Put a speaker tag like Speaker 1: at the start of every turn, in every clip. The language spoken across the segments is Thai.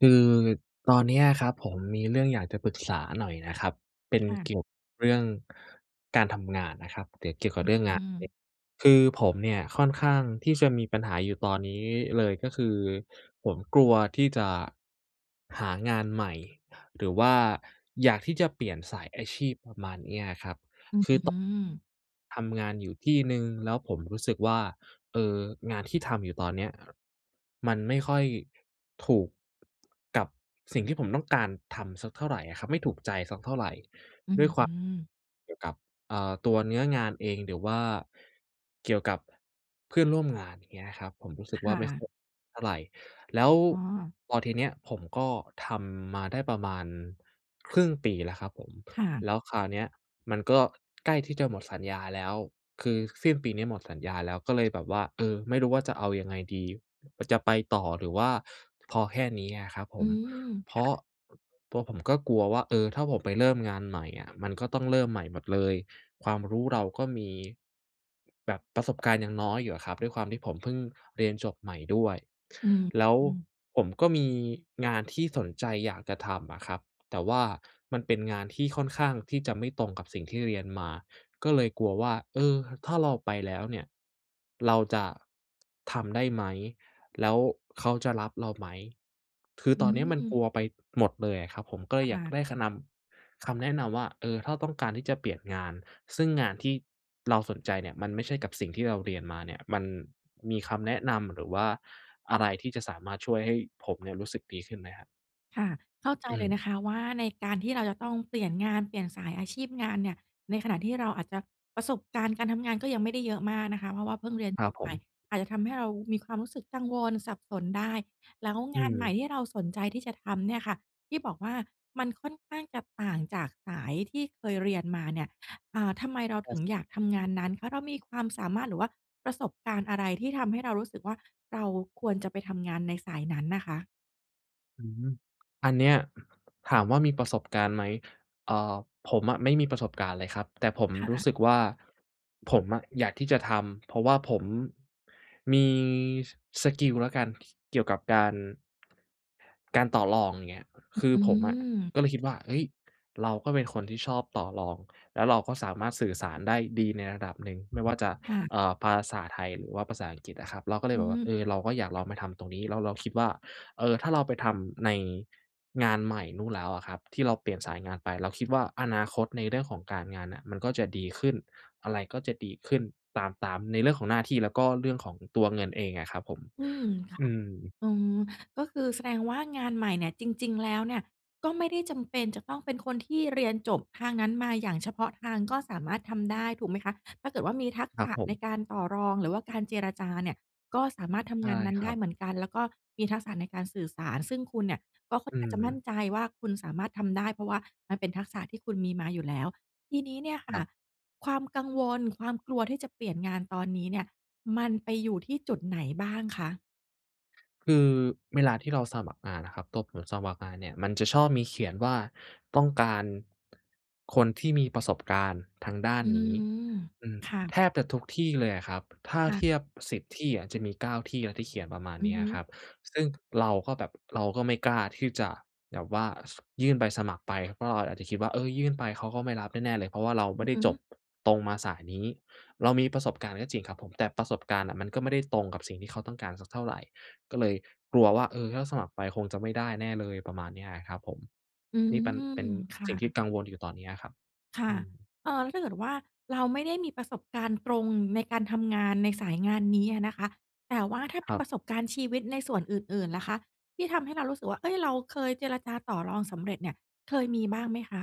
Speaker 1: คือตอนเนี้ยครับผมมีเรื่องอยากจะปรึกษาหน่อยน่ะครับ เป็น
Speaker 2: ค่
Speaker 1: เ
Speaker 2: ะ
Speaker 1: กี่ยวกับเรื่อง การทำงานนะครับ หรือเกี่ยวก
Speaker 2: อ
Speaker 1: ับ
Speaker 2: ือ
Speaker 1: เรื่องง
Speaker 2: อื
Speaker 1: าน
Speaker 2: ม
Speaker 1: [unintelligible] คือผมเนี่ยค่อนข้างที่จะมีปัญหาอยู่ตอนนี้เลยก็คือผมกลัวที่จะ หางานใหม่ หรือว่าอยากที่จะเปลี่ยนสายอาชีพ ประมาณเนี้ยครับ คื
Speaker 2: อือ อืม
Speaker 1: อ ต ทำงานอยู่ที่หนึ่งแล้วผมรู้สึกว่า เอ่อ งานที่ทำอยู่ตอนเนี้ยมันไม่ค่อยถูก กับสิ่งที่ผมต้องการทำสักเท่าไรอะครับ ไม่ถูกใจสักเท่าไร
Speaker 2: อือ อืม
Speaker 1: ด้วยความ เกี่ยวกับ เอ่อ ตัวเนื้องานเอง หรือว่าเกี่ยวกับเพื่อนร่วมงาน อย่างเงี้ยนะครับผม รู้สึ
Speaker 2: ค
Speaker 1: กว่
Speaker 2: ่
Speaker 1: า ไม่ค่อย
Speaker 2: ะ
Speaker 1: เท่าไร แล้ว
Speaker 2: อ๋อ
Speaker 1: พอทีเนี้ยผมก็ทำมาได้ประมาณครึ่งปีแล้วครับผม
Speaker 2: ค่ะ
Speaker 1: แล้วคราวเนี้ยมันก็ใกล้ที่จะหมดสัญญาแล้ว คือสิ้นปีนี้หมดสัญญาแล้ว ก็เลยแบบว่า เออ ไม่รู้ว่า จะเอายังไงดี จะไปต่อหรือว่าพอแค่นี้อะครับผ
Speaker 2: อื
Speaker 1: ม
Speaker 2: ม
Speaker 1: เพ
Speaker 2: ค
Speaker 1: รา
Speaker 2: ่ะ
Speaker 1: ะ ตัวผมก็กลัวว่า เออ ถ้าผมไปเริ่มงานใหม่อะ มันก็ต้องเริ่มใหม่หมดเลย ความรู้เราก็มี แบบประสบการณ์ยังน้อยอยู่อะครับ ด้วยความที่ผมเพิ่งเรียนจบใหม่ด้วย
Speaker 2: อือ
Speaker 1: แล้ว
Speaker 2: อืม
Speaker 1: ผมก็มีงานที่สนใจอยากจะทำอะครับ แต่ว่ามันเป็นงานที่ค่อนข้างที่จะไม่ตรงกับสิ่งที่เรียนมา ก็เลยกลัวว่า เออ ถ้าเราไปแล้วเนี่ย เราจะ ทำได้ไหม? แล้วเขาจะรับเราไหม? คือ
Speaker 2: อ
Speaker 1: ตอนเนี้ยมัน
Speaker 2: ื
Speaker 1: ก
Speaker 2: ม
Speaker 1: ลัวไปหมดเลยอะครับผม ก็เล
Speaker 2: ค่
Speaker 1: ยอยาก
Speaker 2: ะ
Speaker 1: ได้ขะนำ คำแนะนำว่า เออ ถ้าต้องการที่จะเปลี่ยนงาน ซึ่งงานที่เราสนใจเนี่ยมันไม่ใช่กับสิ่งที่เราเรียนมาเนี่ย มัน มีคำแนะนำหรือว่าอะไร ที่จะสามารถช่วยให้ผมเนี่ยรู้สึกดีขึ้นไหมครับ?
Speaker 2: ค่ะ เข้าใจ
Speaker 1: อื
Speaker 2: เลยน
Speaker 1: ม
Speaker 2: ะคะว่า ในการที่เราจะต้องเปลี่ยนงาน เปลี่ยนสายอาชีพงานเนี่ย ในขณะที่เราอาจจะประสบการณ์การทำงานก็ยังไม่ได้เยอะมากนะคะ เพราะว่าเพิ่งเรียน
Speaker 1: คร
Speaker 2: จ
Speaker 1: ับ
Speaker 2: บ
Speaker 1: ผ
Speaker 2: ใหม่
Speaker 1: ม
Speaker 2: อาจจะทำให้เรามีความรู้สึกกังวล สับสนได้ แล้ว
Speaker 1: อื
Speaker 2: งานใหม่
Speaker 1: ม
Speaker 2: ที่เราสนใจที่จะทำเนี่ยค่ะ ที่บอกว่า มันค่อนข้างจะต่างจากสายที่เคยเรียนมาเนี่ย อ่า ทำไมเรา
Speaker 1: คร
Speaker 2: ถึ
Speaker 1: ับ
Speaker 2: งอยากทำงานนั้น? เพราะเรามีความสามารถ หรือว่าประสบการณ์อะไร ที่ทำให้เรารู้สึกว่า เราควรจะไปทำงานในสายนั้นน่ะคะ?
Speaker 1: อืม อันเนี้ย ถามว่ามีประสบการณ์ไหม? อ่า ผมอะไม่มีประสบการณ์เลยครับ แต่ผม
Speaker 2: ค่
Speaker 1: รู้
Speaker 2: ะ
Speaker 1: สึกว่า ผมอะอยากที่จะทำ เพราะว่าผม มี ส สกิลแล้วกัน เกี่ยวกับการ การต่อรอง อย่างเงี้ย คือ
Speaker 2: อื
Speaker 1: ผมอะ
Speaker 2: ม
Speaker 1: ก็เลยคิดว่า เฮ้ย! เราก็เป็นคนที่ชอบต่อรอง แล้วเราก็สามารถสื่อสารได้ดีในระดับหนึ่ง ไม่ว่าจะ
Speaker 2: ค่ะ
Speaker 1: เอ่อ ภาษาไทย หรือว่าภาษาอังกฤษอะครับ เราก็เล
Speaker 2: อ
Speaker 1: ย
Speaker 2: ื
Speaker 1: แบบว่า เอ
Speaker 2: อ
Speaker 1: อ เราก็อยากลองมาทำตรงนี้ แล้วเราคิดว่า เอ่อ ถ้า เราไปทำในงานใหม่นู่นแล้วอะครับ ที่เราเปลี่ยนสายงานไป เราคิดว่า อนาคตในเรื่องของการงานน่ะมันก็จะดีขึ้น อะไรก็จะดีขึ้นตาม ตาม ในเรื่องของหน้าที่ แล้วก็เรื่องของตัวเงินเองอะครับผม
Speaker 2: อืม ค่
Speaker 1: อ
Speaker 2: ะ
Speaker 1: ืม
Speaker 2: อืม ก็คือแสดงว่างานใหม่เนี่ยจริง ๆ แล้วเนี่ย ก็ไม่ได้จำเป็นจะต้องเป็นคนที่เรียนจบทางนั้นมาอย่างเฉพาะทาง ก็สามารถทำได้ถูกไหมคะ? ถ้าเกิดว่ามีทัก
Speaker 1: คร
Speaker 2: ษ
Speaker 1: ับ
Speaker 2: ะ
Speaker 1: ผ
Speaker 2: ใน
Speaker 1: ม
Speaker 2: การต่อรอง หรือว่าการเจรจาเนี่ย ก็สามารถท
Speaker 1: ใช
Speaker 2: ำง
Speaker 1: ่
Speaker 2: านนั้น
Speaker 1: ค
Speaker 2: ไ
Speaker 1: ร
Speaker 2: ด
Speaker 1: ั
Speaker 2: ้
Speaker 1: บ
Speaker 2: เหมือนกัน แล้วก็มีทักษะในการสื่อสาร ซึ่งคุณเนี่ยก็ค่อ
Speaker 1: อ
Speaker 2: น
Speaker 1: ื
Speaker 2: ข้างจะมั่น
Speaker 1: ม
Speaker 2: ใจว่าคุณสามารถทำได้ เพราะว่ามันเป็นทักษะที่คุณมีมาอยู่แล้ว ทีนี้เนี่ยค
Speaker 1: ค
Speaker 2: ่
Speaker 1: ร
Speaker 2: ะ
Speaker 1: ับ
Speaker 2: ความกังวล ความกลัวที่จะเปลี่ยนงานตอนนี้เนี่ย มันไปอยู่ที่จุดไหนบ้างคะ?
Speaker 1: คือเวลาที่เราสมัครงานน่ะครับ ตัวผมสมัครงานเนี่ย มันจะชอบมีเขียนว่า ต้องการคนที่มีประสบการณ์ทางด้าน
Speaker 2: อื
Speaker 1: นี้
Speaker 2: ม
Speaker 1: อือ
Speaker 2: ค่ะ
Speaker 1: แทบจะทุกที่เลยอะครับ ถ้า
Speaker 2: ค่ะ
Speaker 1: เทียบ 10 ที่อะจะมี 9 ที่แล้วที่เขียนประมาณ
Speaker 2: อ
Speaker 1: เ
Speaker 2: ื
Speaker 1: น
Speaker 2: อ
Speaker 1: ี้ย
Speaker 2: ฮ
Speaker 1: อ
Speaker 2: ึ
Speaker 1: ะครับ ซึ่งเราก็แบบ เราก็ไม่กล้าที่จะแบบว่า ส ยื่นใบสมัครไป เพราะเราอาจจะคิดว่า เออ ยื่นไปเขาก็ไม่รับแน่ ๆ เลย เพราะว่าเราไ
Speaker 2: อ
Speaker 1: ม
Speaker 2: ื
Speaker 1: ่
Speaker 2: อ
Speaker 1: ได้
Speaker 2: ฮ
Speaker 1: จบ
Speaker 2: ึ
Speaker 1: ตรงมาสายนี้ เรามีประสบการณ์ก็จริงครับผม แต่ประสบการณ์น่ะมันก็ไม่ได้ตรงกับสิ่งที่เขาต้องการสักเท่าไร ก็เลยกลัวว่า เออ ถ้าสมัครไปคงจะไม่ได้แน่เลย ประมาณเนี้ยอะครับผม
Speaker 2: อื
Speaker 1: นี่ปัน
Speaker 2: ม
Speaker 1: เป็น
Speaker 2: ค่
Speaker 1: สิ่งที่
Speaker 2: ะ
Speaker 1: กังวลอยู่ตอนเนี้ยครับ
Speaker 2: ค่
Speaker 1: อ
Speaker 2: ะ
Speaker 1: ืม
Speaker 2: เอ่อ แล้วถ้าเกิดว่า เราไม่ได้มีประสบการณ์ตรงในการทำงานในสายงานนี้อะนะคะ แต่ว่าถ้าเ
Speaker 1: ค
Speaker 2: ป็
Speaker 1: ร
Speaker 2: น
Speaker 1: ั
Speaker 2: ปร
Speaker 1: บ
Speaker 2: ะสบการณ์ชีวิตในส่วนอื่น ๆ ล่ะคะ ที่ทำให้เรารู้สึกว่า เฮ้ย เราเคยเจรจาต่อรองสำเร็จเนี่ย เคยมีบ้างไหมคะ?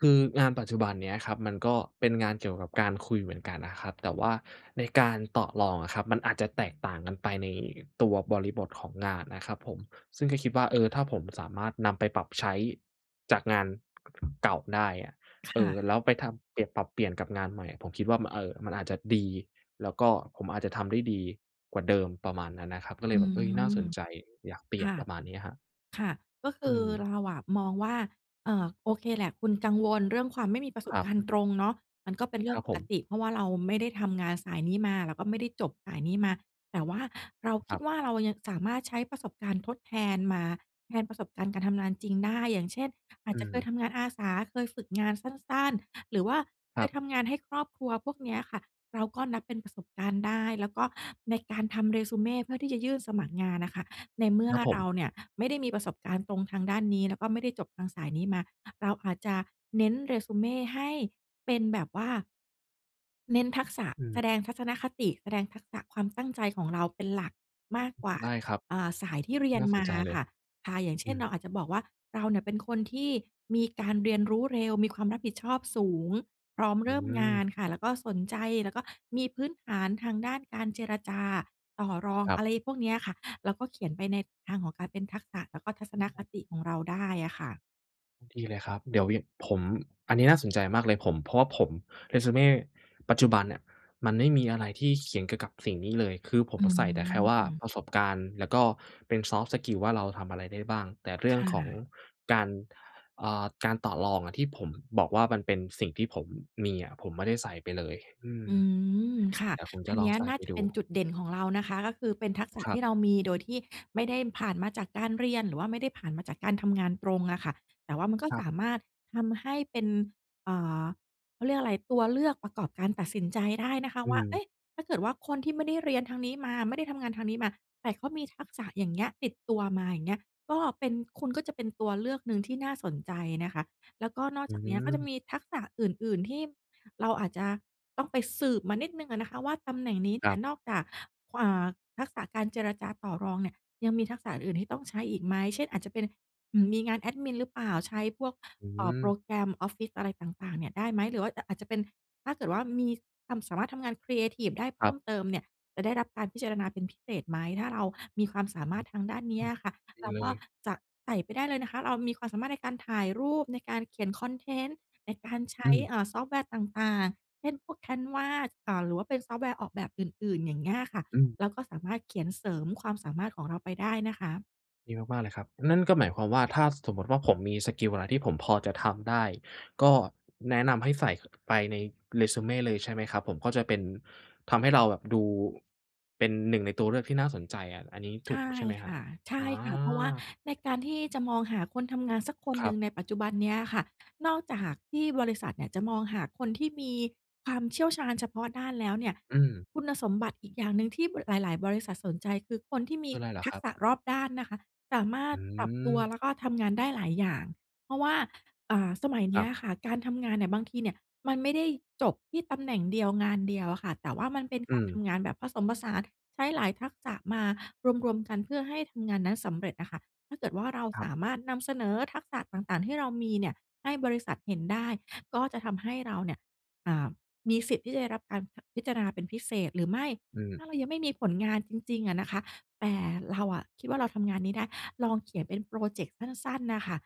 Speaker 1: คืองานปัจจุบันเนี้ยครับ มันก็เป็นงานเกี่ยวกับการคุยเหมือนกันนะครับ แต่ว่าในการต่อรองอะครับ มันอาจจะแตกต่างกันไปในตัวบริบทของงานนะครับผม ซึ่งก็คิดว่า เออ ถ้าผมสามารถนำไปปรับใช้จากงาน เก่าได้อะ
Speaker 2: ค
Speaker 1: เอ
Speaker 2: ่
Speaker 1: อ
Speaker 2: ะ
Speaker 1: แล้วไปทำเปลี่ยน ปรับเปลี่ยนกับงานใหม่อะ ผมคิดว่า มัน เอ่อ มันอาจจะดี แล้วก็ผมอาจจะทำได้ดีกว่าเดิม ประมาณนั้นนะครับ ก็เล
Speaker 2: อ
Speaker 1: ย
Speaker 2: ื
Speaker 1: แบบ เฮ้ย น่าส
Speaker 2: ม
Speaker 1: นใจ อยากเปลี่
Speaker 2: ค
Speaker 1: ยน
Speaker 2: ่ะ
Speaker 1: ประมาณเนี้ยครับ
Speaker 2: ค่ะ ก็ค
Speaker 1: อื
Speaker 2: ือ
Speaker 1: ม
Speaker 2: เราอะมองว่า เอ่อ โอเคแหละ คุณกังวลเรื่องความไม่มีประส
Speaker 1: ค
Speaker 2: บ
Speaker 1: รั
Speaker 2: การณ์
Speaker 1: บ
Speaker 2: ตรงเนาะ มันก็เป็นเร
Speaker 1: ค
Speaker 2: ื่
Speaker 1: ร
Speaker 2: อ
Speaker 1: ั
Speaker 2: ง
Speaker 1: บ
Speaker 2: ป
Speaker 1: ผ
Speaker 2: ก
Speaker 1: ม
Speaker 2: ติ เพราะว่าเราไม่ได้ทำงานสายนี้มา แล้วก็ไม่ได้จบสายนี้มา แต่ว่าเราค
Speaker 1: ค
Speaker 2: ิ
Speaker 1: ร
Speaker 2: ด
Speaker 1: ับ
Speaker 2: ว่า เรายังสามารถใช้ประสบการณ์ทดแทนมาแทนประสบการณ์การทำงานจริงได้ อย่างเช่น อา
Speaker 1: อ
Speaker 2: จ
Speaker 1: ื
Speaker 2: จะเค
Speaker 1: ม
Speaker 2: ยทำงานอาสา เคยฝึกงานสั้น ๆ หรือว่าเ
Speaker 1: ค
Speaker 2: ค
Speaker 1: รั
Speaker 2: ย
Speaker 1: บ
Speaker 2: ทำงานให้ครอบครัว พวกเนี้ยค่ะ เราก็นับเป็นประสบการณ์ได้ แล้วก็ในการทำ resume เพื่อที่จะยื่นสมัครงานน่ะค่ะ ในเมื่
Speaker 1: ค
Speaker 2: อ
Speaker 1: รับผ
Speaker 2: เร
Speaker 1: ม
Speaker 2: าเนี่ยไม่ได้มีประสบการณ์ตรงทางด้านนี้ แล้วก็ไม่ได้จบทางสายนี้มา เราอาจจะเน้น resume ให้เป็นแบบว่า เน้นทักษะ
Speaker 1: อื
Speaker 2: แส
Speaker 1: ม
Speaker 2: ดงทัศนคติ แสดงทักษะความตั้งใจของเราเป็นหลักมากกว่า
Speaker 1: ได้ครับ
Speaker 2: เอ่อ สายที่เรียน
Speaker 1: น่าส
Speaker 2: ม
Speaker 1: น
Speaker 2: า
Speaker 1: ใจ
Speaker 2: อ
Speaker 1: เล
Speaker 2: ะค
Speaker 1: ย
Speaker 2: ่ะ ค่ะ อย่างเ
Speaker 1: อ
Speaker 2: ช
Speaker 1: ื
Speaker 2: ่น เรา
Speaker 1: ม
Speaker 2: อาจจะบอกว่า เราเนี่ยเป็นคนที่มีการเรียนรู้เร็ว มีความรับผิดชอบสูง พร้อม
Speaker 1: อ
Speaker 2: เร
Speaker 1: ื
Speaker 2: ิ่มงา
Speaker 1: ม
Speaker 2: นค่ะ แล้วก็สนใจ แล้วก็มีพื้นฐานทางด้านการเจรจาต่อรอง
Speaker 1: ครั
Speaker 2: อ
Speaker 1: บ
Speaker 2: ะไรพวกเนี้ยค่ะ แล้วก็เขียนไปในทางของการเป็นทักษะ แล้วก็ทัศ
Speaker 1: ไ
Speaker 2: นค
Speaker 1: ด้
Speaker 2: ติของเราได้อะค่ะ
Speaker 1: ดีเลยครับ เดี๋ยววีน ผม อันนี้น่าสนใจมากเลย ผม เพราะว่าผม Resume ปัจจุบันเนี่ยมันไม่มีอะไรที่เขียนเกี่ยวกับสิ่งนี้เลย คือผ
Speaker 2: อ
Speaker 1: ม
Speaker 2: ื
Speaker 1: อะใส่แต่แค่ว่า
Speaker 2: ม
Speaker 1: ประสบการณ์ แล้วก็เป็น ซอฟต์สกิล ว่า เราทำอะไรได้บ้าง แต่เรื
Speaker 2: ค
Speaker 1: ่อง
Speaker 2: ่
Speaker 1: ของ
Speaker 2: ะ
Speaker 1: การ เอ่อ การต่อรองอะ ที่ผมบอกว่า มันเป็นสิ่งที่ผมมีอะ ผมไม่ได้ใส่ไปเลย อืม
Speaker 2: อืม ค่ะ
Speaker 1: เดี๋ยวผม
Speaker 2: อ
Speaker 1: จ
Speaker 2: ั
Speaker 1: ะ
Speaker 2: น
Speaker 1: ล
Speaker 2: เน
Speaker 1: อ
Speaker 2: ี้
Speaker 1: ง
Speaker 2: ย
Speaker 1: ใส่
Speaker 2: น่า
Speaker 1: ไป
Speaker 2: จะ
Speaker 1: ด
Speaker 2: เป็น
Speaker 1: ู
Speaker 2: จุดเด่นของเรานะคะ ก็คือเป็นทักษะ
Speaker 1: คร
Speaker 2: ท
Speaker 1: ั
Speaker 2: ี
Speaker 1: บ
Speaker 2: ่เรามีโดยที่ไม่ได้ผ่านมาจากการเรียน หรือว่าไม่ได้ผ่านมาจากการทำงานตรงอะค่ะ แต่ว่ามันก็
Speaker 1: ครั
Speaker 2: ส
Speaker 1: บ
Speaker 2: ามารถทำให้เป็น เอ่อ เขาเรียกอะไร ตัวเลือกประกอบการตัดสินใจได้นะคะ
Speaker 1: อื
Speaker 2: ว่า เอ
Speaker 1: ม
Speaker 2: ๊ะ ถ้าเกิดว่า คนที่ไม่ได้เรียนทางนี้มา ไม่ได้ทำงานทางนี้มา แต่เขามีทักษะอย่างเงี้ยติดตัวมา อย่างเงี้ย ก็เป็น คุณก็จะเป็นตัวเลือกหนึ่งที่น่าสนใจเนี่ยค่ะ แล้วก็นอก
Speaker 1: อื
Speaker 2: จากเนี้ยก็จะ
Speaker 1: ม
Speaker 2: มีทักษะอื่น ๆ ที่เราอาจจะต้องไปสืบมานิดหนึ่งอะนะคะว่า ตำแหน่งนี้เ
Speaker 1: ค
Speaker 2: นี
Speaker 1: ร
Speaker 2: ่
Speaker 1: ั
Speaker 2: ย
Speaker 1: บ
Speaker 2: นอกจาก กวัวะ เอ่อ ทักษะการเจรจาต่อรองเนี่ย ยังมีทักษะอื่น ๆ ที่ต้องใช้อีกไหม? เช่น อาจจะเป็น อืม มีงานแอดมินหรือเปล่า? ใช้พวก
Speaker 1: อื
Speaker 2: เอ่อ โป
Speaker 1: ม
Speaker 2: รแกรมออฟฟิศอะไรต่าง ๆ เนี่ยได้ไหม? หรือว่าอะ อาจจะเป็น ถ้าเกิดว่า มีทำ สามารถทำงานครีเอทิฟได้เพ
Speaker 1: คร
Speaker 2: ิ
Speaker 1: ั
Speaker 2: ่
Speaker 1: บ
Speaker 2: มเติมเนี่ยจะได้รับการพิจารณาเป็นพิเศษไหม? ถ้าเรามีความสา
Speaker 1: อื
Speaker 2: มาร
Speaker 1: อ
Speaker 2: ถทางด้านน
Speaker 1: อ
Speaker 2: ี
Speaker 1: ื
Speaker 2: ้
Speaker 1: ม
Speaker 2: อะค่ะ
Speaker 1: ดี
Speaker 2: เรา
Speaker 1: เล
Speaker 2: ก็
Speaker 1: ย
Speaker 2: จะ ใส่ไปได้เลยนะคะ เรามีความสามารถในการถ่ายรูป ในการเขียนคอนเทนต์ ในการใช
Speaker 1: อ
Speaker 2: ้
Speaker 1: ืม
Speaker 2: เอ่อ ซอฟต์แวร์ต่าง ๆ เช่น พวก Canva อ่า หรือว่าเป็นซอฟต์แวร์ออกแบบอื่น ๆ อย่างเงี้ยอะค่ะ
Speaker 1: อืม
Speaker 2: เราก็สามารถเขียนเสริมความสามารถของเราไปได้นะคะ
Speaker 1: ดีมาก ๆ เลยครับ นั่นก็หมายความว่า ถ้าสมมติว่าผมมีสกิลอะไรที่ผมพอจะทำได้ ก็ แนะนำให้ใส่ ไปใน resume เลยใช่ไหมครับผม? ก็จะเป็น ทำให้เราแบบดู เป็นหนึ่งในตัวเลือกที่น่าสนใจอะ อันนี้ถ
Speaker 2: ใช
Speaker 1: ูก
Speaker 2: ่
Speaker 1: ใช่ไหมค
Speaker 2: ค
Speaker 1: รับ?
Speaker 2: ่ะ ใช
Speaker 1: อ๋
Speaker 2: ่ค่ะ เพราะว่า
Speaker 1: อ
Speaker 2: ในการที่จะมองหาคนทำงานสักคน
Speaker 1: คร
Speaker 2: หน
Speaker 1: ั
Speaker 2: ึ่
Speaker 1: บ
Speaker 2: งในปัจจุบันเนี้ยอะค่ะ นอกจากที่บริษัทเนี่ยจะมองหาคนที่มีความเชี่ยวชาญเฉพาะด้านแล้วเนี่ย
Speaker 1: อืม
Speaker 2: คุณสมบัติอีกอย่างหนึ่งที่ บ หลาย ๆ บริษัทสนใจ คือคนที่มี
Speaker 1: คือไรเหรอ
Speaker 2: ทั
Speaker 1: ค
Speaker 2: ก
Speaker 1: รับ?
Speaker 2: ษะรอบด้านนะคะ สามาร
Speaker 1: อื
Speaker 2: ถปรับตัว
Speaker 1: ม
Speaker 2: แล้วก็ทำงานได้หลายอย่าง เพราะว่า อ่า สมัยเ
Speaker 1: ค
Speaker 2: นี
Speaker 1: ร
Speaker 2: ้
Speaker 1: ั
Speaker 2: ย
Speaker 1: บ
Speaker 2: อะค่ะ การทำงานเนี่ย บางทีเนี่ยมันไม่ได้จบที่ตำแหน่งเดียว งานเดียวอะค่ะ แต่ว่ามันเป็น
Speaker 1: อื
Speaker 2: การท
Speaker 1: ม
Speaker 2: ำงานแบบผสมผสาน ใช้หลายทักษะมารวม ๆ กัน เพื่อให้ทำงานนั้นสำเร็จอะค่ะ ถ้าเกิดว่าเรา
Speaker 1: ครั
Speaker 2: ส
Speaker 1: บ
Speaker 2: ามารถนำเสนอทักษะต่าง ๆ ที่เรามีเนี่ยให้บริษัทเห็นได้ ก็จะทำให้เราเนี่ย อ่า มีสิทธิ์ที่จะได้รับการพะ พิจารณาเป็นพิเศษ หรือไม่
Speaker 1: อื
Speaker 2: ถ้
Speaker 1: ม
Speaker 2: าเรายังไม่มีผลงานจริง ๆ อะนะคะ แต่เราอะคิดว่า เราทำงานนี้ได้ ลองเขียนเป็นพรอเจกต์สั้น ๆ น่ะค่ะ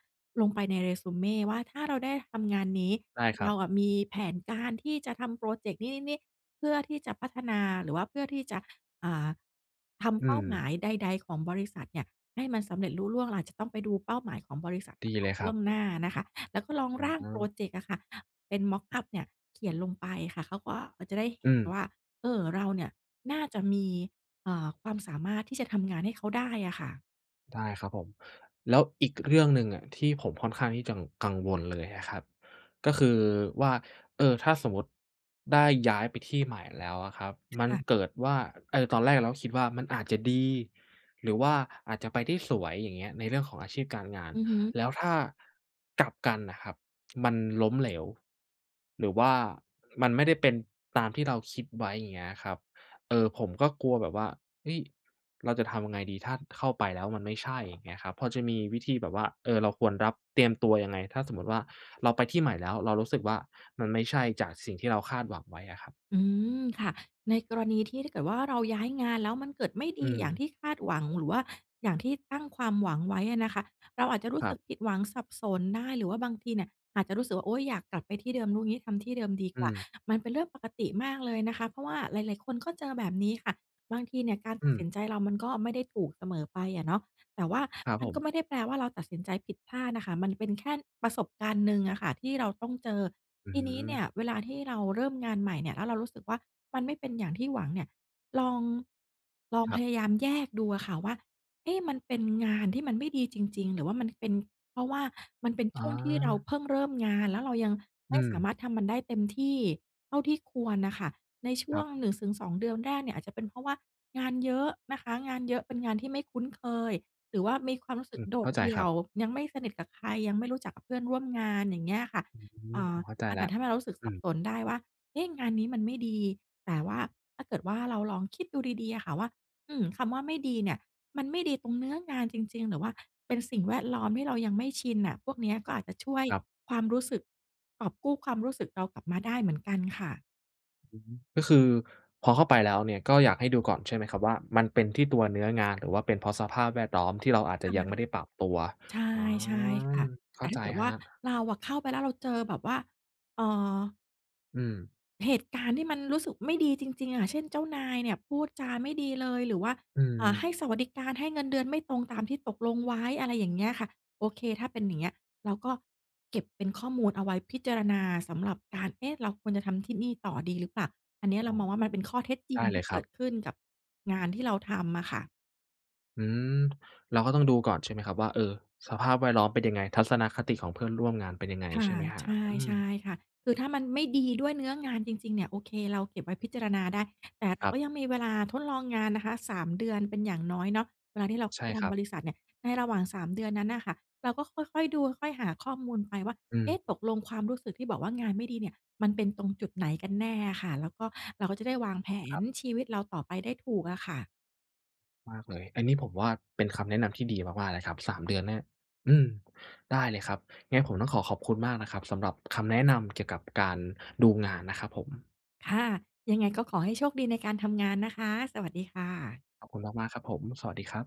Speaker 2: ลงไปใน resume ว่า ถ้าเราได้ทำงานนี้
Speaker 1: ได้คร
Speaker 2: เ
Speaker 1: ั
Speaker 2: รา
Speaker 1: บ
Speaker 2: อะมีแผนการที่จะทำพรอเจกต์นี้ ๆ ๆ เพื่อที่จะพัฒนา หรือว่าเพื่อที่จะ อ่า ท
Speaker 1: อื
Speaker 2: ำเป้าหม
Speaker 1: ม
Speaker 2: ายใด ๆ ของบริษัทเนี่ยให้มันสำเร็จลุล่วง เราอาจจะต้องไปดูเป้าหมายของบริษัทม
Speaker 1: ด
Speaker 2: า
Speaker 1: ี
Speaker 2: ก
Speaker 1: เ
Speaker 2: ่
Speaker 1: ล
Speaker 2: อน
Speaker 1: ย
Speaker 2: ล
Speaker 1: คร
Speaker 2: ่
Speaker 1: ั
Speaker 2: วงหน้า
Speaker 1: บ
Speaker 2: นะคะ แล้วก็ลอง
Speaker 1: อื
Speaker 2: ร
Speaker 1: อ
Speaker 2: ่า
Speaker 1: ฮ
Speaker 2: งพรอ
Speaker 1: ึ
Speaker 2: เจกต์อะค่ะ เป็น mock up เนี่ย เขียนลงไปค่ะ เขาก็ เขาจะได้เห
Speaker 1: อื
Speaker 2: ็น
Speaker 1: ม
Speaker 2: ว่า เออ เราเนี่ยน่าจะมี เอ่อ ความสามารถ ที่จะทำงานให้เขาได้อะค่ะ
Speaker 1: ได้ครับผม แล้วอีกเรื่องหนึ่งอะที่ผมค่อนข้างที่จะ กังวลเลยอะครับ ก็คือว่า เออ ถ้าสมมติได้ย้ายไปที่ใหม่แล้วอะครับ
Speaker 2: ค
Speaker 1: มัน
Speaker 2: ่ะ
Speaker 1: เกิดว่า เอ่อ ตอนแรกเราก็คิดว่า มันอาจจะดีหรือว่าอาจจะไปได้สวย อย่างเงี้ย ในเรื่องของอาชีพการงาน
Speaker 2: อือฮึ
Speaker 1: แล้วถ้า กลับกันน่ะครับ มันล้มเหลว หรือว่ามันไม่ได้เป็นตามที่เราคิดไว้ อย่างเงี้ยครับ เอ่อ ผมก็กลัวแบบว่า เฮ้ย เราจะทำยังไงดี? ถ้าเข้าไปแล้วมันไม่ใช่ อย่างเงี้ยครับ พอจะมีวิธีแบบว่า เอ่อ เราควรรับ เตรียมตัวยังไง? ถ้าสมมติว่า เราไปที่ใหม่แล้วเรารู้สึกว่า มันไม่ใช่ จากสิ่งที่เราคาดหวังไว้อะครับ
Speaker 2: อืม ค่ะ ในกรณีที่ ถ้าเกิดว่า เราย้ายงานแล้วมันเกิดไม่ด
Speaker 1: อื
Speaker 2: ีอย่าง
Speaker 1: ม
Speaker 2: ที่คาดหวัง หรือว่าอย่างที่ตั้งความหวังไว้อะนะคะ เราอาจจะรู้
Speaker 1: คร
Speaker 2: ส
Speaker 1: ั
Speaker 2: ึ
Speaker 1: บ
Speaker 2: กผิดหวัง สับสนได้ หรือว่าบางทีเนี่ยอาจจะรู้สึกว่า "โอ๊ย อยากกลับไปที่เดิม รู้งี้ทำที่เดิมดี
Speaker 1: อื
Speaker 2: กว่า"
Speaker 1: ม
Speaker 2: มันเป็นเรื่องปกติมากเลยนะคะ เพราะว่าหลาย ๆ คนก็เจอแบบนี้ค่ะ บางทีเนี่ยการ
Speaker 1: อ
Speaker 2: ตั
Speaker 1: ื
Speaker 2: ดส
Speaker 1: ม
Speaker 2: ินใจเรามันก็ไม่ได้ถูกเสมอไปอะเนาะ แต่ว่า
Speaker 1: ครับ
Speaker 2: มั
Speaker 1: ผ
Speaker 2: นก
Speaker 1: ม
Speaker 2: ็ไม่ได้แปลว่าเราตัดสินใจผิดพลาดน่ะค่ะ มันเป็นแค่ประสบการณ์หนึ่งอะค่ะที่เราต้องเจอ
Speaker 1: อื้
Speaker 2: ท
Speaker 1: อ
Speaker 2: ี
Speaker 1: ฮ
Speaker 2: น
Speaker 1: ื
Speaker 2: ี้
Speaker 1: อ
Speaker 2: เนี่ย เวลาที่เราเริ่มงานใหม่เนี่ยแล้วเรารู้สึกว่า มันไม่เป็นอย่างที่หวังเนี่ย ลอง ลอง
Speaker 1: คร
Speaker 2: พ
Speaker 1: ับ
Speaker 2: ยายามแยกดูอะค่ะว่า เอ๊ะ มันเป็นงานที่มันไม่ดีจริง ๆ หรือว่ามันเป็นเพราะว่ามันเป็น
Speaker 1: อ
Speaker 2: ช
Speaker 1: ๋
Speaker 2: ่วงที่เรา
Speaker 1: อ
Speaker 2: เพิ่งเริ่มงาน แล้วเรายัง
Speaker 1: อ
Speaker 2: ไ
Speaker 1: ื
Speaker 2: ม่สา
Speaker 1: ม
Speaker 2: มารถทำมันได้เต็มที่เท่าที่ควรน่ะค่ะ ในช
Speaker 1: ค
Speaker 2: ่ว
Speaker 1: รับ
Speaker 2: ง 1 ถึง 2 เดือนแรกเนี่ยอาจจะเป็นเพราะว่างานเยอะนะคะ งานเยอะ เป็นงานที่ไม่คุ้นเคย หรือว่ามีความรู้ส
Speaker 1: อ
Speaker 2: ึก
Speaker 1: ือ
Speaker 2: โด
Speaker 1: เข้
Speaker 2: ด
Speaker 1: าใจ
Speaker 2: เดี
Speaker 1: ค
Speaker 2: ่
Speaker 1: ร
Speaker 2: ย
Speaker 1: ับ
Speaker 2: ว ยังไม่สนิทกับใคร ยังไม่รู้จักกับเพื่อนร่วมงาน อย่างเงี้ยค่ะ
Speaker 1: อื
Speaker 2: เอ
Speaker 1: ม
Speaker 2: ่
Speaker 1: ผ
Speaker 2: อ
Speaker 1: มเข้าใจ
Speaker 2: อา
Speaker 1: แ
Speaker 2: จ
Speaker 1: ล
Speaker 2: จ
Speaker 1: ้
Speaker 2: ะ
Speaker 1: ว
Speaker 2: ทำให้เรารู้สึกส
Speaker 1: อื
Speaker 2: ับ
Speaker 1: ม
Speaker 2: สนได้ว่า เอ๊ะ งานนี้มันไม่ดี แต่ว่า ถ้าเกิดว่า เราลองคิดดูดี ๆ อะค่ะว่า อืม คำว่าไม่ดีเนี่ย มันไม่ดีตรงเนื้องานจริง ๆ หรือว่าเป็นสิ่งแวดล้อมที่เรายังไม่ชินน่ะ พวกเนี้ยก็อาจจะช่วย
Speaker 1: ครับ
Speaker 2: ความรู้สึก กอบกู้ความรู้สึกเรากลับมาได้เหมือนกันค่ะ
Speaker 1: อือฮึ ก็คือพอเข้าไปแล้วเนี่ยก็อยากให้ดูก่อนใช่ไหมครับ? ว่ามันเป็นที่ตัวเนื้องาน หรือว่าเป็นเพราะสภาพแวดล้อมที่เราอาจจะยังไม่ได้ปรับตัว
Speaker 2: ใช
Speaker 1: อ๋อ
Speaker 2: ่ ๆ ค่ะ
Speaker 1: เข
Speaker 2: แต
Speaker 1: ้
Speaker 2: ่
Speaker 1: า
Speaker 2: ถ้
Speaker 1: ใจ
Speaker 2: าเกิดว
Speaker 1: ค
Speaker 2: ่
Speaker 1: ร
Speaker 2: า
Speaker 1: ับ
Speaker 2: เราอะเข้าไปแล้วเราเจอแบบว่า เอ่อ
Speaker 1: อืม
Speaker 2: เหตุการณ์ที่มันรู้สึกไม่ดีจริง ๆ อะ เช่น เจ้านายเนี่ยพูดจาไม่ดีเลย หรือว่า
Speaker 1: อื
Speaker 2: อ่า ให
Speaker 1: ม
Speaker 2: ้สวัสดิการ ให้เงินเดือนไม่ตรงตามที่ตกลงไว้ อะไรอย่างเงี้ยค่ะ โอเค ถ้าเป็นอย่างเงี้ย เราก็เก็บเป็นข้อมูลเอาไว้พิจารณาสำหรับการ "เอ๊ะ! เราควรจะทำที่นี่ต่อดีหรือเปล่า?" อันเนี้ยเ
Speaker 1: อ
Speaker 2: รา
Speaker 1: ๋อ
Speaker 2: มองว่า มันเป็นข้อเท็จจริ
Speaker 1: ได
Speaker 2: ง
Speaker 1: ้เ
Speaker 2: ท
Speaker 1: ล
Speaker 2: ี
Speaker 1: ย
Speaker 2: ่
Speaker 1: ค
Speaker 2: เก
Speaker 1: รั
Speaker 2: ิ
Speaker 1: บ
Speaker 2: ดขึ้นกับงานที่เราทำอะค่ะ
Speaker 1: อืม เราก็ต้องดูก่อน ใช่ไหมครับว่า เออ สภาพแวดล้อมเป็นยังไง? ทัศนคติของเพื่อนร่วมงานเป็นยังไง
Speaker 2: ค่
Speaker 1: ใช
Speaker 2: ะ
Speaker 1: ่ไหมครับ?
Speaker 2: ใช
Speaker 1: อื
Speaker 2: ่
Speaker 1: ม
Speaker 2: ๆ ค่ะ คือถ้ามันไม่ดีด้วยเนื้องานจริง ๆ เนี่ย โอเค เราเก็บไว้พิจารณาได้ แต่เร
Speaker 1: ค
Speaker 2: า
Speaker 1: รับ
Speaker 2: ก็ยังมีเวลาทดลองงานนะคะ 3 เดือนเป็นอย่างน้อยเนาะ เวลาที่เราเ
Speaker 1: ใช
Speaker 2: ข้าไ
Speaker 1: ่
Speaker 2: ปท
Speaker 1: ครั
Speaker 2: ำบ
Speaker 1: บ
Speaker 2: ริษัทเนี่ย ในระหว่าง 3 เดือนนั้นน่ะค่ะ เราก็ค่อย ๆ ดู ค่อย ๆ หาข้อมูลไปว่า
Speaker 1: อ
Speaker 2: เอ
Speaker 1: ื
Speaker 2: ๊
Speaker 1: ม
Speaker 2: ะ! ตกลงความรู้สึกที่บอกว่า งานไม่ดีเนี่ย มันเป็นตรงจุดไหนกันแน่อะค่ะ แล้วก็ เราก็จะได้วางแผ
Speaker 1: คร
Speaker 2: น
Speaker 1: ับ
Speaker 2: ชีวิตเราต่อไปได้ถูกอะค่ะ
Speaker 1: มากเลย อันนี้ผมว่า เป็นคำแนะนำที่ดีมาก ๆ เลยครับ 3 เดือนเนี่ย อืม ได้เลยครับ งั้นผมต้องขอขอบคุณมากนะครับสำหรับคำแนะนำเกี่ยวกับการดูงานนะครับผม
Speaker 2: ค่ะ ยังไงก็ขอให้โชคดีในการทำงานนะคะ สวัสดีค่ะ
Speaker 1: ขอบคุณมาก ๆ ครับผม สวัสดีครับ